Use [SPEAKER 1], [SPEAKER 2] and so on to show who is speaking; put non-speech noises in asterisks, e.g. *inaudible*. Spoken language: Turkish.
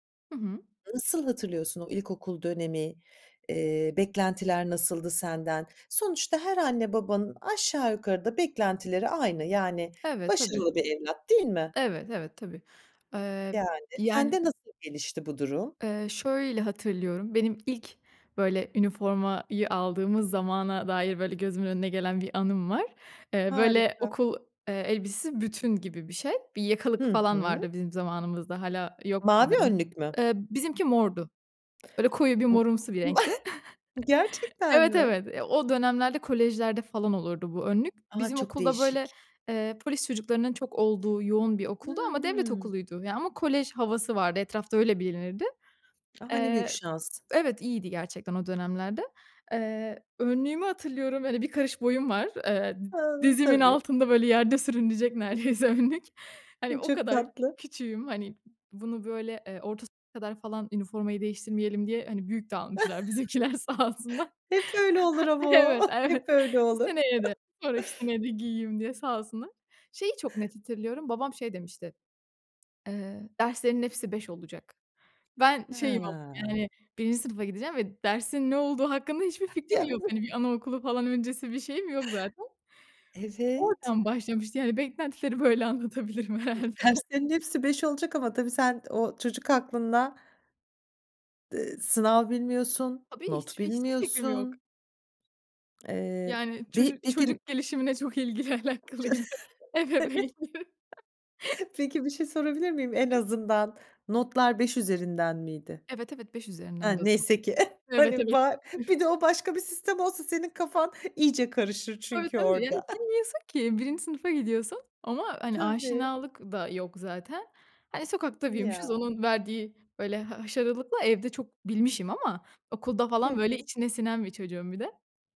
[SPEAKER 1] Hı hı.
[SPEAKER 2] Nasıl hatırlıyorsun o ilkokul dönemi? Eee, beklentiler nasıldı senden? Sonuçta her anne, babanın aşağı yukarı da beklentileri aynı. Yani
[SPEAKER 1] Evet. Tabii.
[SPEAKER 2] başarılı bir evlat, değil mi?
[SPEAKER 1] Evet, evet, tabii. Eee,
[SPEAKER 2] Yani.
[SPEAKER 1] yani
[SPEAKER 2] Sende nasıl gelişti bu durum?
[SPEAKER 1] eee, şöyle hatırlıyorum; benim ilk böyle üniformayı aldığımız zamana dair böyle gözümün önüne gelen bir anım var. Eee, böyle
[SPEAKER 2] Harika.
[SPEAKER 1] okul, eee, elbisesi bütün gibi bir şey. Bir yakalık
[SPEAKER 2] Hı
[SPEAKER 1] falan
[SPEAKER 2] hı.
[SPEAKER 1] vardı bizim zamanımızda, hâlâ yok
[SPEAKER 2] Mavi
[SPEAKER 1] sanırım.
[SPEAKER 2] önlük mü?
[SPEAKER 1] Eee, bizimki mordu. Böyle koyu bir
[SPEAKER 2] *unintelligible*
[SPEAKER 1] morumsu bir renkti.
[SPEAKER 2] *chuckles*
[SPEAKER 1] *chuckles*
[SPEAKER 2] Gerçekten
[SPEAKER 1] Evet,
[SPEAKER 2] mi?
[SPEAKER 1] evet. Eee, o dönemlerde kolejlerde falan olurdu bu önlük.
[SPEAKER 2] A!
[SPEAKER 1] Bizim
[SPEAKER 2] Çok
[SPEAKER 1] okul da böyle,
[SPEAKER 2] değişik.
[SPEAKER 1] eee, polis çocuklarının çok olduğu yoğun bir okuldu. Ama devlet
[SPEAKER 2] Hıı.
[SPEAKER 1] okuluydu. Ya, ama kolej havası vardı etrafta öyle bilinirdi.
[SPEAKER 2] A! Ne büyük
[SPEAKER 1] Eee
[SPEAKER 2] şans.
[SPEAKER 1] Evet, iyiydi gerçekten o dönemlerde. Eee, önlüğümü hatırlıyorum. Böyle 1 karış boyum var. Eee, di
[SPEAKER 2] A!
[SPEAKER 1] dizimin
[SPEAKER 2] Tabii.
[SPEAKER 1] altında böyle yerde sürünecek neredeyse önlük. Hani,
[SPEAKER 2] Hı,
[SPEAKER 1] o
[SPEAKER 2] çok
[SPEAKER 1] kadar
[SPEAKER 2] tatlı.
[SPEAKER 1] küçüğüm. Hani, bunu böyle, eee, orta sınıfa kadar falan üniformayı değiştirmeyelim diye, hani, büyük de almışlar
[SPEAKER 2] *chuckles*
[SPEAKER 1] bizimkiler sağ olsunlar.
[SPEAKER 2] Hep öyle olur ama o.
[SPEAKER 1] Evet,
[SPEAKER 2] Hep
[SPEAKER 1] evet.
[SPEAKER 2] öyle olur.
[SPEAKER 1] Seneye de,
[SPEAKER 2] *chuckles*
[SPEAKER 1] sonraki seneye de giyeyim diye sağ olsunlar. Şeyi çok net hatırlıyorum. Babam şey demişti: "Eee, derslerinin hepsi 5 olacak." Ben şeyim ama,
[SPEAKER 2] He.
[SPEAKER 1] yani, 1'inci sınıfa gideceğim ve dersin ne olduğu hakkında hiçbir fikrim yok.
[SPEAKER 2] *unintelligible*
[SPEAKER 1] Hani, bir anaokulu falan öncesi bir şeyim yok zaten.
[SPEAKER 2] Evet.
[SPEAKER 1] Oradan başlamıştı, yani, beklentileri böyle anlatabilirim herhâlde.
[SPEAKER 2] Derslerin hepsi 5 olacak ama tabii, sen o çocuk aklınla, d ııı, sınav bilmiyorsun,
[SPEAKER 1] Tabii,
[SPEAKER 2] not
[SPEAKER 1] hiçbir hiçbir fikrim yok.
[SPEAKER 2] bilmiyorsun... Eee,
[SPEAKER 1] Yani,
[SPEAKER 2] bir
[SPEAKER 1] çocuk
[SPEAKER 2] peki
[SPEAKER 1] çocuk gelişimine çok ilgili
[SPEAKER 2] *chuckles*
[SPEAKER 1] alakalıydı ebeveynim. *chuckles*
[SPEAKER 2] Evet. *chuckles* Peki, bir şey sorabilir miyim? En
[SPEAKER 1] *unintelligible*
[SPEAKER 2] azından, notlar 5 üzerinden miydi?
[SPEAKER 1] Evet, evet, 5
[SPEAKER 2] Ha,
[SPEAKER 1] üzerindendi o zaman.
[SPEAKER 2] neyse ki *chuckles*
[SPEAKER 1] Evet,
[SPEAKER 2] hani,
[SPEAKER 1] evet.
[SPEAKER 2] var, bir
[SPEAKER 1] *chuckles*
[SPEAKER 2] de o başka bir sistem olsa senin kafan iyice karışır
[SPEAKER 1] Tabii,
[SPEAKER 2] çünkü
[SPEAKER 1] tabii. Yani,
[SPEAKER 2] orada. *chuckles*
[SPEAKER 1] bilmiyorsun ki 1'inci sınıfa gidiyorsun. Ama hani,
[SPEAKER 2] Tabii.
[SPEAKER 1] aşinalık da yok zaten. Hani, sokakta büyümüşüz;
[SPEAKER 2] Ya.
[SPEAKER 1] onun verdiği böyle ha haşarılıkla; evde çok bilmişim ama, okulda
[SPEAKER 2] Hı
[SPEAKER 1] falan böyle
[SPEAKER 2] hı.
[SPEAKER 1] içine sinen bir çocuğum bir de.